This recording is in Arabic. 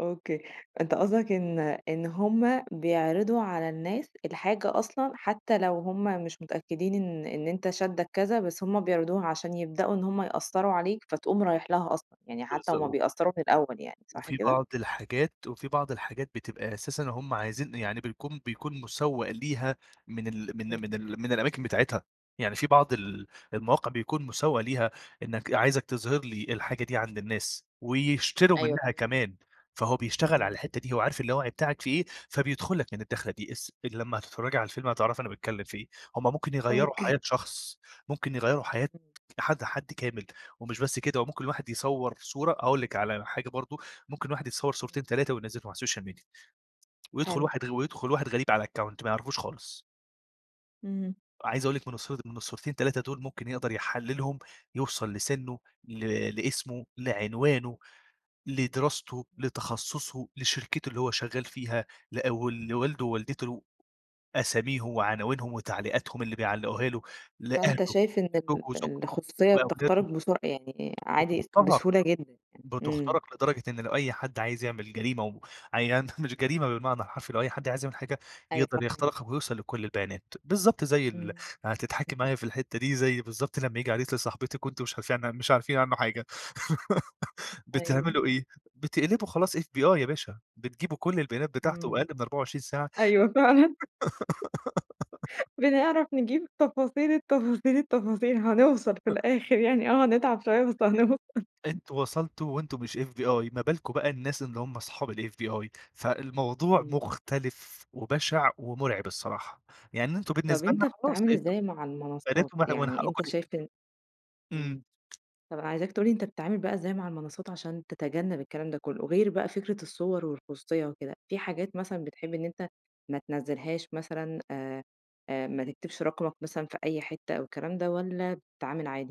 أوكي أنت قصدك إن إن هُم بيعرضوا على الناس الحاجة أصلًا حتى لو هُم مش متأكدين إن إن أنت شادك كذا، بس هُم بيعرضوها عشان يبدأوا إن هُم يأثّروا عليك، فتقوم رايح لها أصلًا، يعني حتى هُم [unintelligible] بيأثّروا في الأول يعني صح وفي كده؟ بعض الحاجات وفي بعض الحاجات بتبقى أساسًا هُم عايزين يعني بيكون بيكون مسوّق ليها من ال من إمم. من ال من الأماكن بتاعتها، يعني في بعض ال المواقع بيكون مسوّق ليها، إنك عايزك تظهر لي الحاجة دي عند الناس، ويشتروا أيوه منها فهمت. كمان، فهو بيشتغل إمم. على الحتة دي، هو عارف اللاوعي بتاعك فيه إيه، فبيدخل لك من الداخلة دي اس لما هتتفرجي على الفيلم هتعرفي أنا باتكلم في إيه، هُم ممكن يغيّروا أوكي. حياة شخص، ممكن يغيّروا حياة [unintelligible] حد حد كامل، ومش بس كده، وممكن الواحد يصور صورة أقول لِك على حاجة برضه، ممكن الواحد يتصور [unintelligible] صورتين 3 وينزلهم على السوشيال ميديا ويدخل حلو. واحد غ ويدخل واحد غريب على الأكاونت ما يعرفوش خالص اهم. عايز أقول لِك من الص من الصورتين 3 دول ممكن يقدر يحللهم، يوصل لسنّه ل لاسمه، لعنوانه، لدراسته، لتخصصه، لشركته اللي هو شغال فيها، لأ و لوالده ووالدته أساميهم وعناوينهم وتعليقاتهم اللي بيعلقوها له، لأهله فأنت شايف إن لزوج ال وزوجته الخصوصية بتخترق وأولاده. بسرعة يعني، عادي بتُخترَق، بسهولة جدًا يعني. إمم. بتُخترَق لدرجة إن لو أي حد عايز يعمل جريمة [unintelligible] مش جريمة بالمعنى الحرفي لو أي حد عايز يعمل حاجة، أيوه يقدر فاهماك. يخترقك ويوصل لكل البيانات، بالضبط زي ال إمم. [unintelligible] هتضحكي معايا في الحتة دي زي بالضبط لما ييجي عريس لصاحبتِك، وأنتم مش عارفين عن مش عارفين عنه حاجة، أيوه. بتعملوا إيه؟ بتقلبوا خلاص FBI يا باشا، بتجيبوا كل البيانات بتاعته إمم. وأقل من 24 ساعة أيوه فعلًا. بنعرف نجيب تفاصيل التفاصيل التفاصيل هنوصل في الآخر يعني، آه هنتعب شوية بس [unintelligible] هنوصل. أنتم وصلتوا وأنتم مش FBI، ما بالكم بقى الناس اللي هُم أصحاب الFBI، فالموضوع إمم. مختلف، وبشع ومرعب الصراحة، يعني أنتم طب بالنسبة أنت لنا خلاص بتتعامل أنتم إزاي مع المنصات، بنات ومن ح ومن يعني حقكم أنت تس شايف إن إمم. إمم طب أنا عايزاك تقول لي أنت بتتعامل بقى إزاي مع المنصات عشان تتجنب الكلام ده كله، غير بقى فكرة الصور والخصوصية وكده، في حاجات مثلًا بتحب إن أنت ما تنزلهاش مثلًا آآ، آآ ما تكتبش رقمك مثلًا في أي حتة أو الكلام ده، والَّا بتتعامل عادي؟